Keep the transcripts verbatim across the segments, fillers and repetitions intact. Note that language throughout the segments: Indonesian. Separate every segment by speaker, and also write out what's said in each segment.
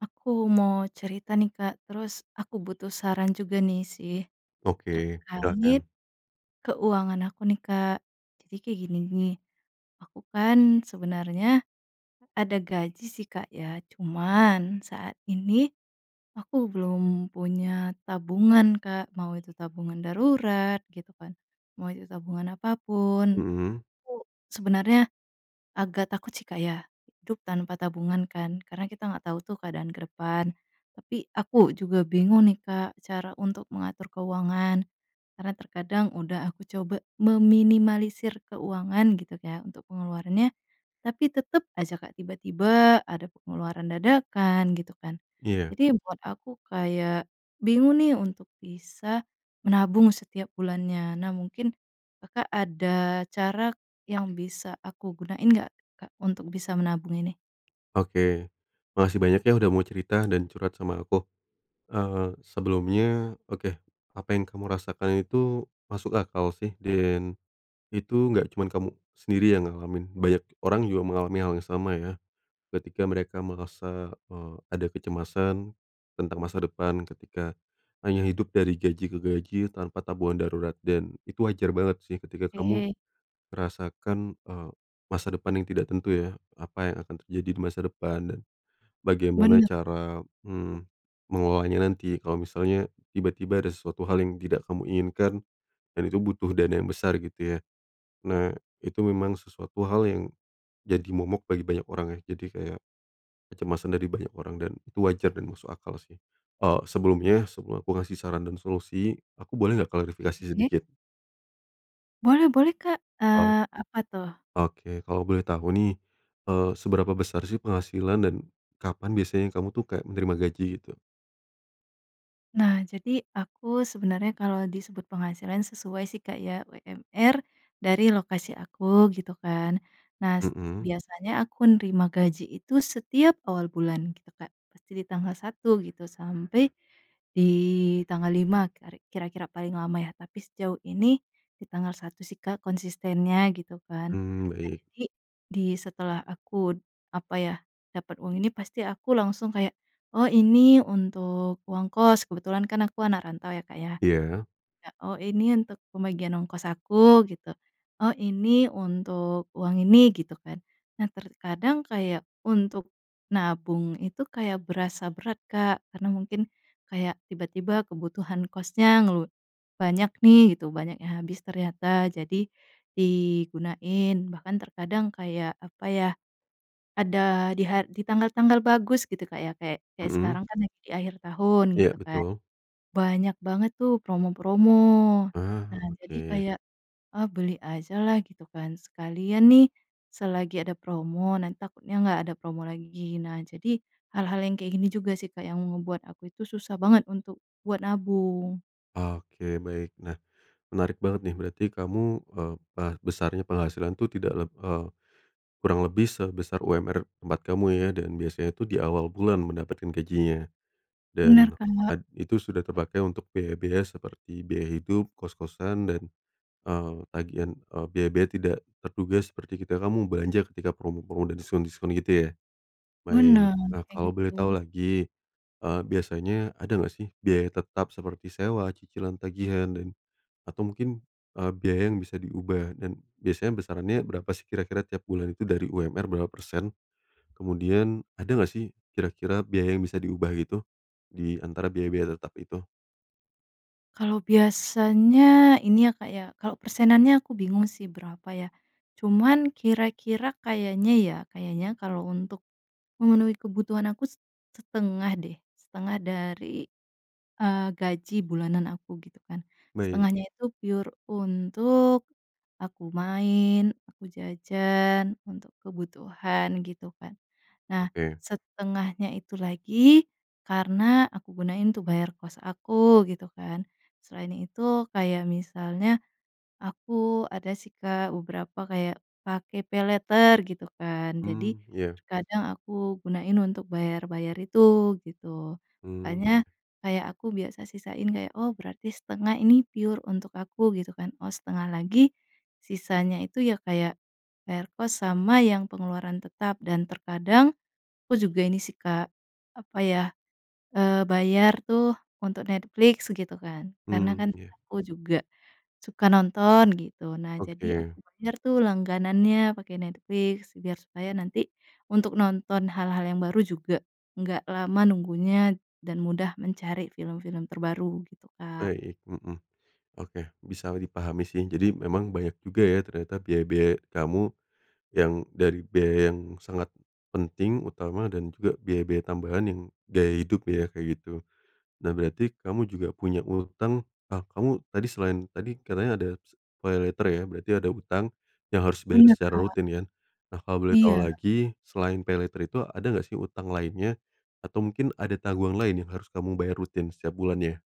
Speaker 1: Aku mau cerita nih Kak, terus aku butuh saran juga nih sih,
Speaker 2: Oke,
Speaker 1: terkait
Speaker 2: silakan.
Speaker 1: keuangan aku nih Kak. Jadi kayak gini nih, aku kan sebenarnya ada gaji sih Kak ya, cuman saat ini aku belum punya tabungan Kak, mau itu tabungan darurat gitu kan, mau itu tabungan apa pun.
Speaker 2: Mhm.
Speaker 1: Aku sebenarnya agak takut sih Kak ya, hidup tanpa tabungan kan. Karena kita gak tau tuh keadaan ke depan, tapi aku juga bingung nih Kak cara untuk mengatur keuangan. Karena terkadang udah aku coba meminimalisir keuangan gitu kayak untuk pengeluarannya, tapi tetep ajak Kak tiba-tiba ada pengeluaran dadakan gitu kan.
Speaker 2: Iya.
Speaker 1: Jadi buat aku kayak bingung nih untuk bisa menabung setiap bulannya. Nah mungkin Kakak ada cara yang bisa aku gunain nggak Kak untuk bisa menabung ini?
Speaker 2: Oke, makasih banyak ya udah mau cerita dan curhat sama aku. Eee, sebelumnya, oke, apa yang kamu rasakan itu masuk akal sih. Dan itu gak cuma kamu sendiri yang ngalamin. Banyak orang juga mengalami hal yang sama ya. Ketika mereka merasa, eee, ada kecemasan tentang masa depan, ketika hanya hidup dari gaji ke gaji tanpa tabungan darurat. Dan itu wajar banget sih ketika kamu
Speaker 1: Oke.
Speaker 2: merasakan, eee, masa depan yang tidak tentu ya, apa yang akan terjadi di masa depan dan bagaimana
Speaker 1: Bener, Kak.
Speaker 2: cara, mmm, mengolahnya nanti kalo misalnya tiba-tiba ada sesuatu hal yang tidak kamu inginkan dan itu butuh dana yang besar gitu ya. Nah itu memang sesuatu hal yang jadi momok bagi banyak orang ya. Jadi kayak kecemasan dari banyak orang dan itu wajar dan musuh akal sih. Eee, sebelumnya, sebelum aku kasih saran dan solusi, aku boleh gak klarifikasi
Speaker 1: Oke.
Speaker 2: sedikit?
Speaker 1: Boleh boleh Kak,
Speaker 2: Oh.
Speaker 1: eee, apa tuh?
Speaker 2: Oke, kalo boleh tau nih, eee, seberapa besar sih penghasilan dan kapan biasanya kamu tuh kayak menerima gaji gitu?
Speaker 1: Nah jadi aku sebenarnya kalau disebut penghasilan sesuai sih Kak ya, UMR dari lokasi aku gitu kan. Nah se
Speaker 2: Mhm.
Speaker 1: biasanya aku nerima gaji itu setiap awal bulan gitu Kak, pasti di tanggal satu gitu sampai di tanggal lima keri kira-kira paling lama ya. Tapi sejauh ini di tanggal satu sih Kak, konsistennya gitu kan.
Speaker 2: Mmm,
Speaker 1: Nah
Speaker 2: baik.
Speaker 1: jadi, di setelah aku d apa ya, dapat uang ini pasti aku langsung kayak, oh ini untuk uang kos, kebetulan kan aku anak rantau ya Kak ya.
Speaker 2: Iya.
Speaker 1: Ya, oh ini untuk pembagian ongkos aku gitu. Oh ini untuk uang ini, gitu kan. Nah terkadang kayak untuk nabung itu kayak berasa berat Kak karena mungkin kayak tiba-tiba kebutuhan kosnya ngelu banyak nih gitu banyak yang habis ternyata, jadi digunain. Bahkan terkadang kayak apa ya, ada di har di tanggal-tanggal bagus gitu Kak ya, kayak kayak
Speaker 2: Mhm.
Speaker 1: sekarang kan lagi di akhir tahun
Speaker 2: Iya,
Speaker 1: gitu kan,
Speaker 2: betul.
Speaker 1: banyak banget tuh promo-promo.
Speaker 2: Ah,
Speaker 1: Nah jadi
Speaker 2: oke.
Speaker 1: kayak ah beli ajalah gitu kan, sekalian nih selagi ada promo nanti takutnya gak ada promo lagi. Nah jadi hal-hal yang kayak gini juga sih Kak yang ngebuat aku itu susah banget untuk buat nabung.
Speaker 2: Oke baik. Nah menarik banget nih berarti kamu, eee, bar besarnya penghasilan tuh tidak leb eee, kurang lebih sebesar UMR tempat kamu ya dan biasanya tuh di awal bulan mendapatkan gajinya.
Speaker 1: Bener,
Speaker 2: Dan
Speaker 1: Kak.
Speaker 2: at itu sudah terpakai untuk biaya-biaya seperti biaya hidup, kos-kosan dan, eee, tagihan, eee, biaya-biaya tidak terduga seperti ketika kamu belanja ketika promo-promo dan diskon-diskon gitu ya? Baik.
Speaker 1: Bener,
Speaker 2: Nah,
Speaker 1: kayak
Speaker 2: kalo boleh tau
Speaker 1: gitu.
Speaker 2: lagi, eee, biasanya ada gak sih biaya tetap seperti sewa, cicilan, tagihan, dan, atau mungkin, eee, biaya yang bisa diubah? Dan biasanya besarannya berapa sih kira-kira tiap bulan itu dari UMR berapa persen? Kemudian ada gak sih kira-kira biaya yang bisa diubah gitu, di antara biaya-biaya tetap itu?
Speaker 1: Kalau biasanya ini ya Kak ya, kalau persenannya aku bingung sih berapa ya, cuman kira-kira kayaknya ya, kayaknya kalau untuk, memenuhi kebutuhan aku, set setengah deh setengah dari, eee, gaji bulanan aku gitu kan,
Speaker 2: Baik.
Speaker 1: setengahnya itu pure untuk, aku main, aku jajan untuk kebutuhan gitu kan, nah
Speaker 2: Oke.
Speaker 1: setengahnya itu lagi, karena aku gunain tuh bayar kos aku gitu kan, selain itu kayak misalnya, aku ada sih Kak beberapa kayak pakai paylater gitu kan jadi,
Speaker 2: Mmm, ya.
Speaker 1: terkadang aku gunain untuk bayar-bayar itu gitu,
Speaker 2: Mmm.
Speaker 1: makanya kayak aku biasa sisain kayak, "Oh berarti setengah ini pure untuk aku," gitu kan, oh setengah lagi, sisanya itu ya kayak, bayar kos sama yang pengeluaran tetap dan terkadang, aku juga ini sih Kak, apa ya, eee, bayar tuh untuk Netflix gitu kan karena
Speaker 2: Mmm,
Speaker 1: kan
Speaker 2: ya.
Speaker 1: aku juga, suka nonton gitu, nah jadi aku
Speaker 2: Oke.
Speaker 1: bayar tuh langganannya pakai Netflix biar supaya nanti, untuk nonton hal-hal yang baru juga nggak lama nunggunya dan mudah mencari film-film terbaru, gitu Kak.
Speaker 2: Baik, mhm, oke, bisa dipahami sih jadi memang banyak juga ya ternyata biaya-biaya kamu, yang dari biaya yang sangat, penting, utama, dan juga biaya-biaya tambahan yang gaya hidup ya kayak gitu, nah berarti kamu juga punya utang ah, kamu tadi selain tadi katanya ada se paylater ya berarti ada utang, yang harus bayar
Speaker 1: Bener,
Speaker 2: secara
Speaker 1: Kak.
Speaker 2: rutin kan, nah kalo boleh tau
Speaker 1: Iya.
Speaker 2: lagi selain paylater itu ada nggak sih utang lainnya? Atau mungkin ada tanggungan lain yang harus kamu bayar rutin setiap bulannya?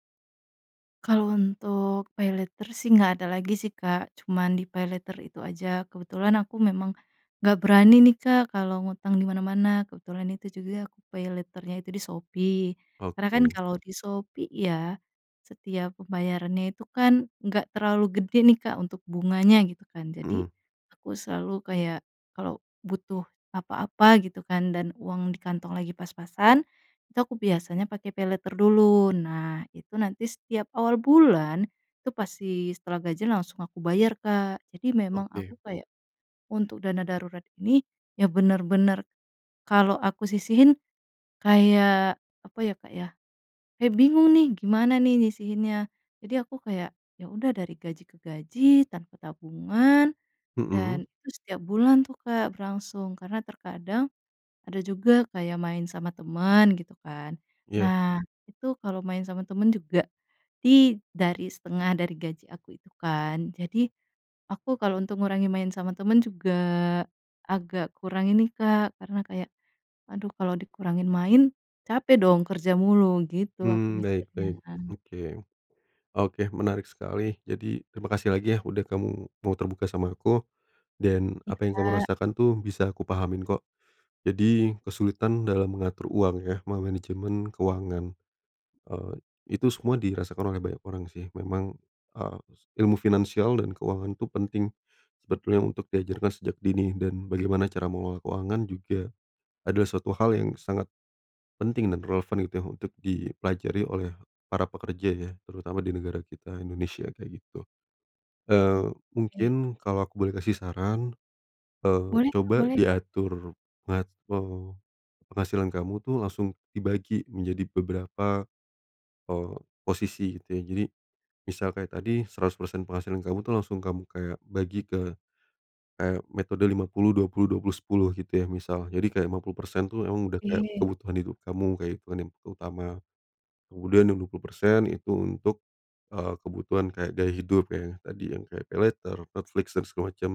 Speaker 1: Kalau untuk paylater sih nggak ada lagi sih Kak, cuman di paylater itu aja, kebetulan aku memang, nggak berani nih Kak kalau ngutang di mana-mana, kebetulan itu juga aku paylater-nya itu di Shopee, karena kan
Speaker 2: Oke.
Speaker 1: kalau di Shopee ya, setiap pembayarannya itu kan enggak terlalu gede nih Kak untuk bunganya gitu kan jadi,
Speaker 2: Mhm.
Speaker 1: aku selalu kayak kalau butuh apa-apa gitu kan dan uang di kantong lagi pas-pasan, itu biasanya aku pake paylater dulu, nah itu nanti setiap awal bulan, itu pasti setelah gajian langsung aku bayar Kak, jadi memang
Speaker 2: Oke.
Speaker 1: aku kayak, untuk dana darurat ini ya bener-bener, kalau aku sisihin, kayak apa ya Kak ya, ya bingung nih gimana nih nyisihinnya, jadi aku kayak ya udah dari gaji ke gaji tanpa tabungan,
Speaker 2: Mhm.
Speaker 1: dan itu setiap bulan tuh, Kak, berlangsung, karena terkadang, ada juga kayak main sama teman gitu kan,
Speaker 2: Ya.
Speaker 1: nah itu kalau main sama teman juga, di dari setengah dari gaji aku itu kan jadi, aku kalau untuk ngurangin main sama teman juga agak kurangin nih Kak karena kayak, aduh kalau dikurangin main, capek dong kerja mulu, gitu aku
Speaker 2: Mmm, baik
Speaker 1: mikirnya.
Speaker 2: baik oke, oke menarik sekali jadi terima kasih lagi ya udah kamu mau terbuka sama aku, dan
Speaker 1: Iya
Speaker 2: apa yang kamu
Speaker 1: Kak.
Speaker 2: rasakan tuh bisa aku pahamin kok, jadi kesulitan dalam mengatur uang ya memanajemen keuangan, eee, itu semua dirasakan oleh banyak orang sih. Memang, eee, ilmu finansial dan keuangan itu penting sebetulnya untuk diajarkan sejak dini dan bagaimana cara mengelola keuangan juga adalah suatu hal yang sangat, penting dan relevan gitu ya untuk dipelajari oleh para pekerja ya, terutama di negara kita, Indonesia, kayak gitu. Eee,
Speaker 1: Oke.
Speaker 2: mungkin kalo aku boleh kasih saran, eee,
Speaker 1: Boleh Kak,
Speaker 2: coba
Speaker 1: boleh.
Speaker 2: diatur mate penghasilan kamu tuh langsung dibagi menjadi beberapa, eee, posisi gitu ya, jadi, misal kayak tadi seratus persen penghasilan kamu tuh langsung kamu kayak bagi ke, kayak metode lima puluh dua puluh dua puluh sepuluh gitu ya misal jadi kayak lima puluh persen tuh emang udah kayak
Speaker 1: Oke.
Speaker 2: kebutuhan hidup kamu, kayak kebutuhan yang utama, kemudian yang dua puluh persen itu untuk, eee, kebutuhan kayak gaya hidup ya tadi yang kayak paylater, Netflix, dan segala macem,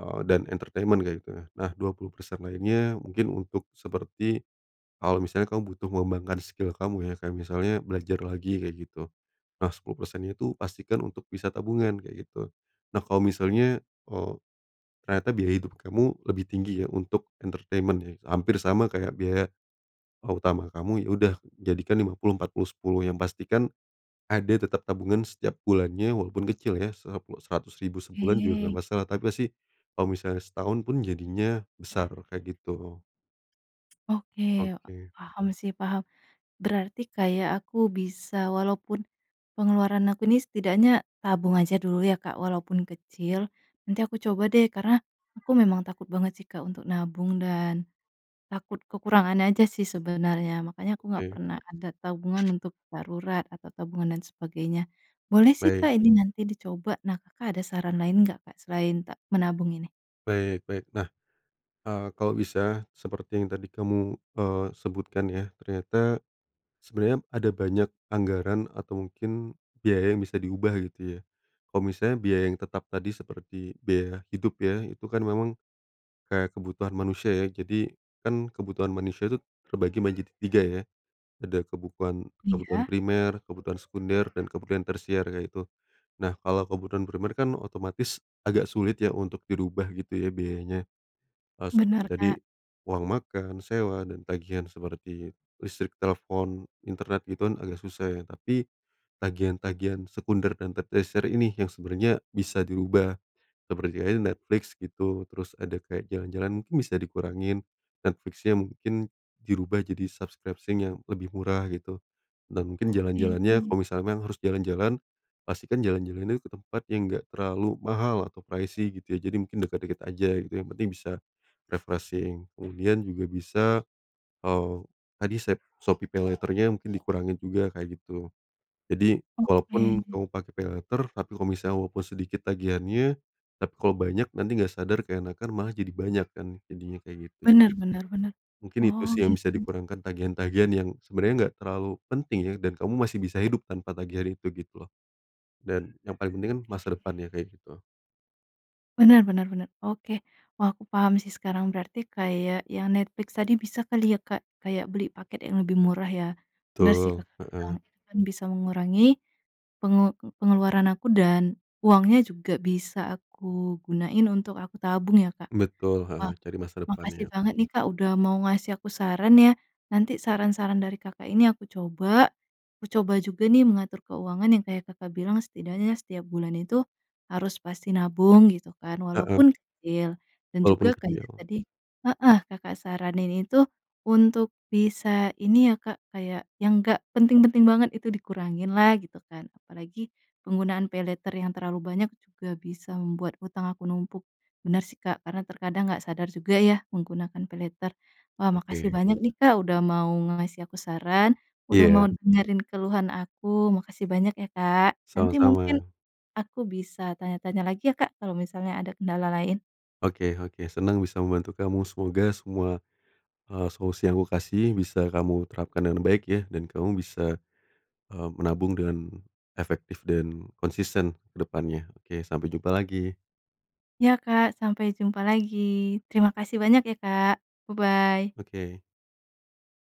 Speaker 2: eee, dan entertainment kayak gitu ya, nah dua puluh persen lainnya mungkin untuk seperti, kalo misalnya kamu butuh mengembangkan skill kamu ya, kayak misalnya belajar lagi kayak gitu, nah sepuluh persennya itu pastikan untuk bisa tabungan, kayak gitu, nah kalo misalnya, eee, ternyata biaya hidup kamu lebih tinggi ya untuk entertainment ya, hampir sama kayak biaya, eee, utama kamu ya udah jadikan lima puluh empat puluh sepuluh, yang pasti kan, ada tetap tabungan setiap bulannya walaupun kecil ya se seratus ribu sebulan juga nggak
Speaker 1: Oke.
Speaker 2: masalah tapi pasti, kalo misalnya setahun pun jadinya besar, kayak gitu.
Speaker 1: Oke,
Speaker 2: Oke.
Speaker 1: paham sih, paham, berarti kayak aku bisa walaupun, pengeluaran aku ini setidaknya tabung aja dulu ya Kak walaupun kecil. Nanti aku coba deh karena aku memang takut banget sih Kak untuk nabung dan, takut kekurangan aja sih sebenarnya, makanya aku nggak
Speaker 2: Oke.
Speaker 1: pernah ada tabungan untuk darurat atau tabungan dan sebagainya, boleh sih
Speaker 2: Baik.
Speaker 1: Kak ini nanti dicoba. Nah, Kakak ada saran lain nggak Kak selain ta menabung ini?
Speaker 2: Baik baik nah, eee, kalau bisa seperti yang tadi kamu, eee, sebutkan ya ternyata, sebenernya ada banyak anggaran atau mungkin biaya yang bisa diubah gitu ya, kalo misalnya biaya yang tetap tadi seperti biaya hidup ya itu kan memang, kayak kebutuhan manusia ya jadi kan kebutuhan manusia itu terbagi menjadi tiga ya, ada kebukuan kebutuhan
Speaker 1: Iya.
Speaker 2: primer, kebutuhan sekunder, dan kebutuhan tersier kayak gitu, nah kalo kebutuhan primer kan otomatis agak sulit ya untuk dirubah gitu ya biayanya, harus seperti
Speaker 1: Bener
Speaker 2: tadi,
Speaker 1: Kak.
Speaker 2: uang makan, sewa, dan tagihan seperti listrik, telpon, internet itu kan agak susah ya tapi, tagihan-tagihan sekunder dan te tersier ini yang sebenernya bisa dirubah, seperti ada Netflix gitu terus ada kayak jalan-jalan mungkin bisa dikurangin, Netflix-nya mungkin dirubah jadi subscription yang lebih murah gitu, dan mungkin
Speaker 1: Oke.
Speaker 2: jalan-jalannya, kalo misalnya emang harus jalan-jalan, pastikan jalan-jalan ini ke tempat yang nggak terlalu mahal atau pricy gitu ya jadi mungkin deket-deket aja gitu yang penting bisa, refreshing kemudian juga bisa, eee, tadi sep Shopee paylater-nya mungkin dikurangin juga, kayak gitu. Jadi, walaupun
Speaker 1: Oke.
Speaker 2: kamu pake paylater tapi kalo misalnya walaupun sedikit tagihannya, tapi kalo banyak nanti nggak sadar keenakan malah jadi banyak kan jadinya kayak gitu,
Speaker 1: Bener
Speaker 2: jadi,
Speaker 1: bener bener,
Speaker 2: mungkin itu
Speaker 1: oh
Speaker 2: sih yang bisa
Speaker 1: gitu.
Speaker 2: di kurangkan tagihan-tagihan yang sebenernya nggak terlalu penting ya dan kamu masih bisa hidup tanpa tagihannya itu gitu loh, dan yang paling penting kan masa depan ya, kayak gitu.
Speaker 1: Bener bener bener, oke. Wah, aku paham sih sekarang, berarti kayak yang Netflix tadi bisa kali ya Kak kayak beli paket yang lebih murah ya, bener sih
Speaker 2: Betul,
Speaker 1: Kakak bilang,
Speaker 2: heeh.
Speaker 1: itu kan bisa mengurangi, pengel pengeluaran aku dan uangnya juga bisa aku gunain untuk aku tabung ya Kak,
Speaker 2: Betul,
Speaker 1: wah
Speaker 2: heeh, cari masa
Speaker 1: makasih
Speaker 2: depannya.
Speaker 1: banget nih Kak udah mau ngasih aku saran ya, nanti saran-saran dari Kakak ini aku coba, aku coba juga nih mengatur keuangan yang kayak Kakak bilang setidaknya setiap bulan itu, harus pasti nabung gitu kan
Speaker 2: Heeh.
Speaker 1: walaupun kecil, dan
Speaker 2: Walaupun
Speaker 1: juga kayak
Speaker 2: kecil.
Speaker 1: tadi heeh, Kakak saranin itu untuk bisa ini ya Kak, kayak yang gak penting-penting banget itu dikurangin lah gitu kan, apalagi, penggunaan paylater yang terlalu banyak juga bisa membuat hutang aku numpuk, bener sih Kak karena terkadang nggak sadar juga ya menggunakan paylater. Wah, makasih
Speaker 2: Oke.
Speaker 1: banyak nih, Kak, udah mau ngasih aku saran, udah mau
Speaker 2: Iya.
Speaker 1: dengerin keluhan aku, makasih banyak ya Kak, nanti mungkin
Speaker 2: Sama-sama.
Speaker 1: aku bisa tanya-tanya lagi ya Kak kalau misalnya ada kendala lain.
Speaker 2: Oke oke senang bisa membantu kamu, semoga semua, eee, solusi yang aku kasih bisa kamu terapkan dengan baik ya dan kamu bisa, eee, menabung dengan efektif dan konsisten ke depannya. Oke, sampe jumpa lagi.
Speaker 1: Ya Kak, sampai jumpa lagi, terima kasih banyak ya, Kak bye-bye.
Speaker 2: Oke.